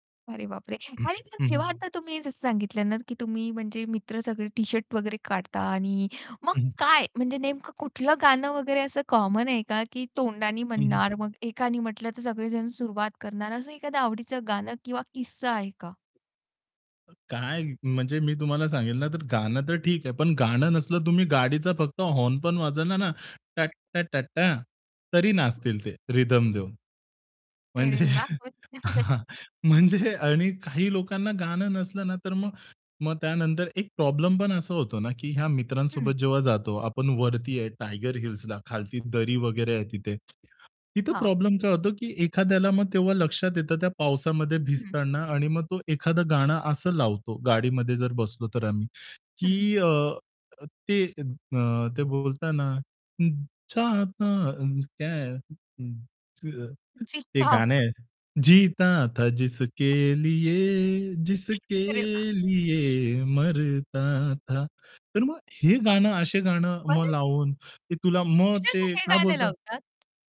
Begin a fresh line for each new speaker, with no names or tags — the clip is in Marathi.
अरे बापरे!
हं,
आणि मग जेव्हा
हं.
आता तुम्ही जसं सांगितलं ना की तुम्ही म्हणजे मित्र सगळे टी-शर्ट वगैरे काढता आणि मग
हं, हं.
काय, म्हणजे नेमकं कुठलं गाणं वगैरे असं कॉमन आहे का, की तोंडानी
हं, हं.
म्हणणार मग एकानी म्हटलं तर सगळेजण सुरुवात करणार, असं एखादं आवडीचं गाणं किंवा किस्सा आहे का?
अ, काय म्हणजे मी तुम्हाला सांगेल ना तर गाणं तर ठीक आहे. पण गाणं नसलं तुम्ही गाडीचा फक्त हॉर्न पण वाजवला ना टट् टा टटटा तरी
हं.
नाचतील ते रिथम देऊन. म्हणजे
अरे वाह! मस्त
हां, म्हणजे आणि काही लोकांना गाणं नसलं ना तर मग मग त्यानंतर एक प्रॉब्लेम पण असा होतो ना, की ह्या
हं.
मित्रांसोबत जेव्हा जातो, आपण वरती आहे टायगर हिल्सला खालती दरी वगैरे आहे तिथे. तिथे
हां.
प्रॉब्लेम काय होतो, की एखाद्याला मग तेव्हा लक्षात येतं त्या पावसामध्ये
हं.
भिजताना आणि मग तो एखादं गाणं असं लावतो गाडीमध्ये जर बसलो तर आम्ही,
हं.
की अ, ते अ, ते बोलताना हं, चाहता हं, क्या है अं, अ, एक गाणं
[unintelligible]
आहे, जीता था जिसके लिये, जिसके
अरे वाह!
लिये मरता था. तर मग हे गाणं असे गाणं मग
बरं.
लावून ते तुला मग
अक्षरशः
ते
हे
काय
गाणं
बोलतात
लावतात?